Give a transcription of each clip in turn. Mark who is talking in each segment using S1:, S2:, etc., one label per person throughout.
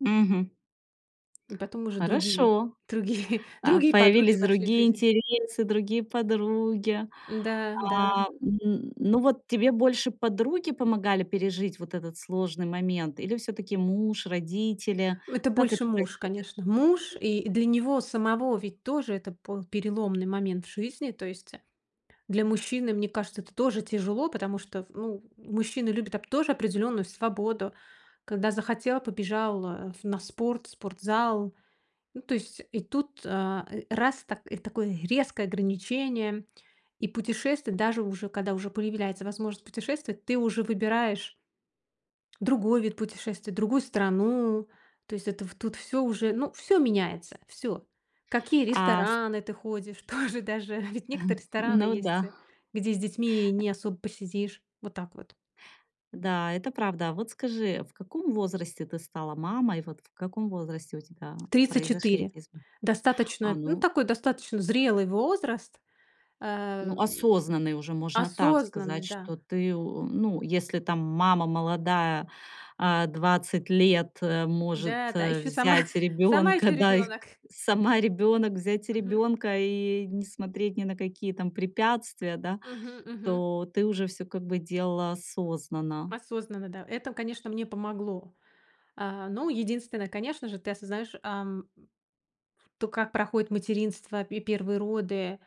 S1: Мгм.
S2: И потом уже другие
S1: Хорошо,
S2: другие
S1: а,
S2: другие подруги
S1: появились
S2: вошли в
S1: другие
S2: жизнь.
S1: интересы, другие подруги.
S2: Н-да, да.
S1: А, м, ну, вот тебе больше подруги помогали пережить вот этот сложный момент или всё-таки муж, родители?
S2: Это
S1: Как это
S2: больше муж,
S1: происходило?
S2: конечно. Муж, и для него самого ведь тоже это был переломный момент в жизни. То есть, э, для мужчины, мне кажется, это тоже тяжело, потому что в ну, мужчины любят оп тоже определённую свободу. Когда захотел- побежал, а, в на спорт, в спортзал. Ну, то есть. И тут, э, э, раз, та и такое резкое ограничение. И путешествовать, даже уже когда уже появляется возможность путешествовать, ты уже выбираешь другой вид путешествия, другую страну. То есть это в тут всё уже, ну, всё меняется, всё. В какие
S1: А с
S2: рестораны ты ходишь, тоже даже. Ведь некоторые рестораны
S1: Ну
S2: есть, э,
S1: да.
S2: где с детьми
S1: Э.
S2: не особо посидишь. Вот так вот.
S1: Да, это правда. А вот скажи, в каком возрасте ты стала мамой? Вот в каком возрасте у тебя
S2: тридцать
S1: произошли
S2: четыре.
S1: эти изм А,
S2: Достаточно, ну,
S1: ну.
S2: такой достаточно зрелый возраст.
S1: Ну,
S2: Эм,
S1: осознанный уже можно так
S2: осознанный,
S1: сказать,
S2: да.
S1: что ты, у м, если там мама молодая, а, 20 лет, э, может,
S2: Да, да,
S1: э,
S2: ещё сама
S1: взять
S2: сама
S1: ребёнка,
S2: ещё
S1: да, и
S2: ребёнок.
S1: сама ребёнок, взять
S2: Мгм.
S1: ребёнка и не смотреть ни на какие там препятствия, да,
S2: Мгм, мгм.
S1: то ты уже всё как бы делала осознанно.
S2: Осознанно, да. Это, конечно, мне помогло. А, ну, единственное, конечно же, ты осознаешь, ам то, как проходит материнство, пе и 1 роды,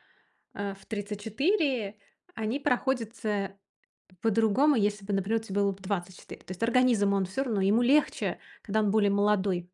S2: э, в 34, они проходят, э, по-другому, если бы, например, тебе было бы 24. То есть организм, он всё равно, ему легче, когда он более молодой.